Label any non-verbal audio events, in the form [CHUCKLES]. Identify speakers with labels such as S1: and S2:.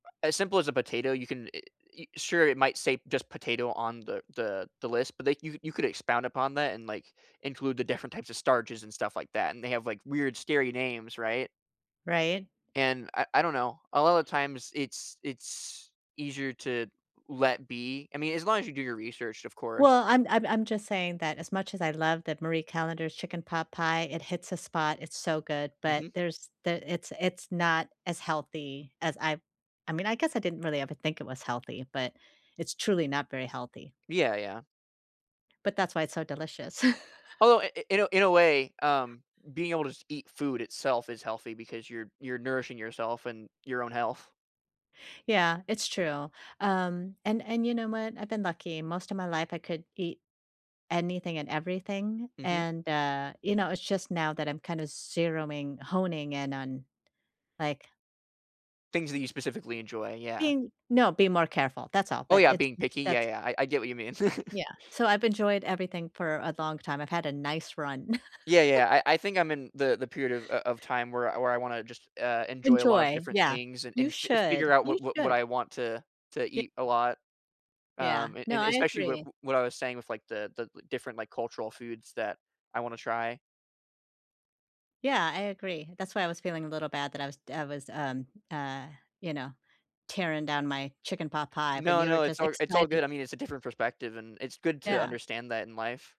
S1: As simple as a potato, you can it y sure, it might say just potato on the the the list, but they you you could expound upon that and, like, include the different types of starches and stuff like that, and they have, like, weird scary names, right?
S2: Right.
S1: And I I don't know, a lot of the times, it's it's easier to let be I mean, as long as you do your research, of course.
S2: Well, I'm I'm I'm just saying that as much as I love that Marie Callender's chicken pot pie, it hits a spot, it's so good, but
S1: Mhm.
S2: there's there it's it's not as healthy as I I mean, I guess I didn't really ever think it was healthy, but it's truly not very healthy.
S1: Yeah, yeah.
S2: But that's why it's so delicious. [CHUCKLES]
S1: Although, i i in a in a way, um, being able to s eat food itself is healthy because you're you're nourishing yourself and your own health.
S2: Yeah, it's true. Um, and and you know what, I've been lucky, most of my life I could eat anything and everything,
S1: Mhm.
S2: and, uh, you know, it's just now that I'm kinda zeroing honing in on, like
S1: Things that you specifically enjoy, yeah.
S2: Being No, being more careful, that's all,
S1: Oh,
S2: but
S1: yeah,
S2: it's
S1: being
S2: s
S1: picky, yeah,
S2: that's
S1: yeah, I I get what you mean. [CHUCKLES]
S2: Yeah, so, I've enjoyed everything for a long time, I've had a nice run.
S1: Yeah,
S2: [LAUGHS]
S1: yeah, I I think I'm in the the period of o of time where I where I wanna just, uh, enjoy a lot of
S2: Enjoy,
S1: different
S2: yeah.
S1: things and
S2: You
S1: and fi figure
S2: should,
S1: out
S2: you
S1: what what what
S2: should.
S1: I want to to
S2: Y
S1: eat a lot,
S2: Yeah,
S1: um, and
S2: no,
S1: and
S2: I
S1: especially wi
S2: agree.
S1: w what I was saying with, like, the the li different, like, cultural foods that I wanna try.
S2: Yeah, I agree, that's why I was feeling a little bad that I was d I was, um, uh, you know, tearing down my chicken pot pie when
S1: No,
S2: you were
S1: no, it's
S2: just
S1: alr it's all
S2: excited.
S1: good, I mean, it's a different perspective, and it's good to
S2: Yeah.
S1: understand that in life.